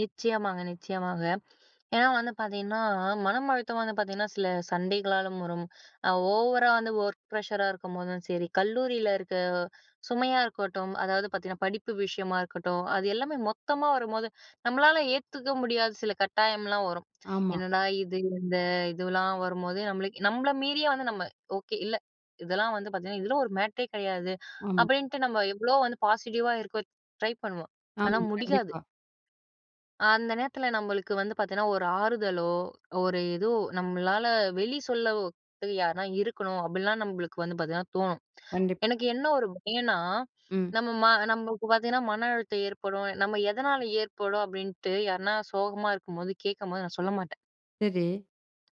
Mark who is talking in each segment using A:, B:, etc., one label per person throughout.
A: நிச்சயமாங்க, நிச்சயமாக. ஏன்னா வந்து பார்த்திங்கன்னா, மனம் அழுத்தம் வந்து பார்த்திங்கனா சில சண்டைகளாலும் வரும். ஓவரா வந்து ஒர்க் ப்ரஷரா இருக்கும்போதும் சரி. கல்லூரியில இருக்க சுமையா இருக்கட்டும், அதாவது பார்த்திங்கன்னா, படிப்பு விஷயமா இருக்கட்டும். அது எல்லாமே மொத்தமா வரும்போது, நம்மளால ஏத்துக்க முடியாத சில கட்டாயம்லாம் வரும்.
B: ஆமா.
A: என்னடா இது இந்த இதுவலாம் வரும்போது நம்மளுக்கு நம்மள மீறியே வந்து நம்ம ஓகே இல்லை. இதெல்லாம் வந்து பார்த்திங்கன்னா, இதில் ஒரு மேட்டரே கிடையாது
B: ஆமா.
A: அப்படின்ட்டு நம்ம எவ்வளோ வந்து பாசிட்டிவா இருக்க ட்ரை பண்ணுவோம். ஆனா
B: ஆமா,
A: முடியாது.
B: கண்டிப்பா.
A: அந்த நேரத்தில, நம்மளுக்கு வந்து பார்த்திங்கனா ஒரு ஆறுதலோ, ஒரு ஏதோ நம்மளால வெளி சொல்லதுக்கு யாருனா இருக்கணும் அப்படின்லாம் நம்மளுக்கு வந்து பார்த்திங்கனா தோணும்.
B: கண்டிப்
A: எனக்கு என்ன ஒரு பயம்ன்னா,
B: ம்.
A: நம்ம நம்மளுக்கு பார்த்திங்கன்னா, மன அழுத்தம் ஏற்படும். நம்ம எதனால் ஏற்படும் அப்படின்ட்டு, யார்னா சோகமா இருக்கும்போது, கேட்கும்போது நான் சொல்ல மாட்டேன்
B: சரி.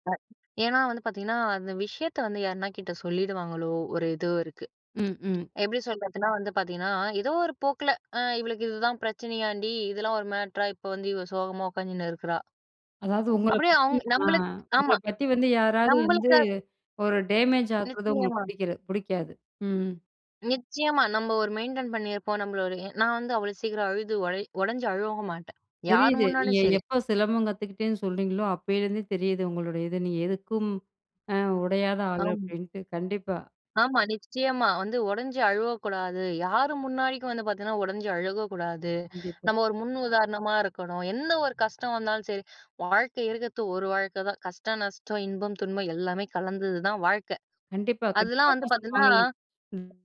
A: [unintelligible] ஏன்னா வந்து பார்த்திங்கனா, அந்த விஷயத்த வந்து யார்னா கிட்ட சொல்லிடுவாங்களோ ஒரு இது இருக்கு.
B: ம், ம்.
A: எப்படி சொல்றதுனா வந்து பார்த்திங்கனா, ஏதோ ஒரு போக்குல அ இவளுக்கு இதுதான் பிரச்சனையான்டி, இதெல்லாம் ஒரு மேட்டரா இப்போ வந்து இவ சோகமா உட்காந்துன்னு இருக்குறா.
B: அதாவது உங்கள
A: அப்படியே
B: பத்தி
A: அவங்க
B: நா
A: நம்மளுக்கு
B: உங்களை
A: ஆமா
B: பத்தி வந்து யாராவது வந்து
A: நம்மளுக்கு
B: ஒரு டேமேஜ் ஆகிறது உங்களுக்கு
A: நிச்சயமா.
B: புடிக்கல புடிக்காது. ம்.
A: நிச்சயமா நம்ம ஒரு மெயின்டெயின் பண்ணியிருப்போம் நம்மளோடய நான் வந்து அவ்வளோ சீக்கிரம் அழுது உடை உடைஞ்சு அழகவும் மாட்டேன், யார்
B: தெரியுது. நீங்க
A: முன்னாடியும் சரி.
B: எப்போ சிலம்பம் கத்துக்கிட்டேன்னு சொல்றீங்களோ, அப்போலேருந்தே தெரியுது உங்களுடைய இது. நீங்க எதுக்கும் அ உடையாத ஆள்
A: ஆம்.
B: அப்படின்ட்டு. கண்டிப்பா.
A: ஆமா, நிச்சயமா வந்து உடைஞ்சு அழுவக்கூடாது, யாரும் முன்னாடிக்கும் வந்து பார்த்திங்கன்னா உடஞ்சி அழுகக்கூடாது.
B: கண்டிப்பா.
A: நம்ம ஒரு முன் உதாரணமா இருக்கணும். என்ன ஒரு கஷ்டம் வந்தாலும் சரி, வாழ்க்கை இருக்கிறது ஒரு வாழ்க்கைதான். கஷ்டம், நஷ்டம், இன்பம், துன்பம் எல்லாமே கலந்தது தான் வாழ்க்கை.
B: கண்டிப்பா கண்டிப்பா.
A: அதெல்லாம் வந்து பார்த்திங்கன்னா
B: [unintelligible]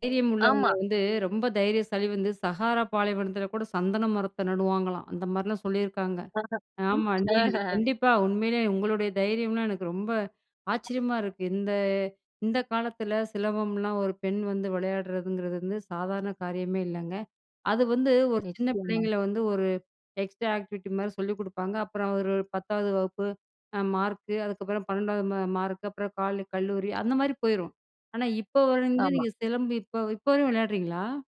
B: தைரியம் உள்ளவங்க
A: ஆமா.
B: வந்து, ரொம்ப தைரியசாலி வந்து சகாரா பாலைவனத்தில கூட சந்தன மரத்தை நடுவாங்களாம், அந்த மாதிரிலாம் சொல்லியிருக்காங்க. ஆமா நீங்க
A: ஆஹ.
B: கண்டிப்பா உண்மையிலே உங்களுடைய தைரியம்லாம் எனக்கு ரொம்ப ஆச்சரியமா இருக்கு. இந்த இந்த காலத்தில சிலம்பம்லாம் ஒரு பெண் வந்து விளையாடுறதுங்கிறது வந்து சாதாரண காரியமே இல்லங்க. அது வந்து ஒரு சின்ன
A: நிச்சயமா.
B: பிள்ளைங்களை வந்து ஒரு எக்ஸ்ட்ரா ஆக்டிவிட்டி மாதிரி சொல்லிக் குடுப்பாங்க. அப்புறம் ஒரு 10வது வகுப்பு மார்க், அதுக்கப்புறம் 12வது ம மார்க், அப்புறம் காலே கல்லூரி அந்த மாதிரி போய்ரும். ஆனா இப்போ வரைந்து
A: ஆமா.
B: நீங்க சிலம்பு இப்போ இப்போ வரையும் விளையாடுறீங்களா?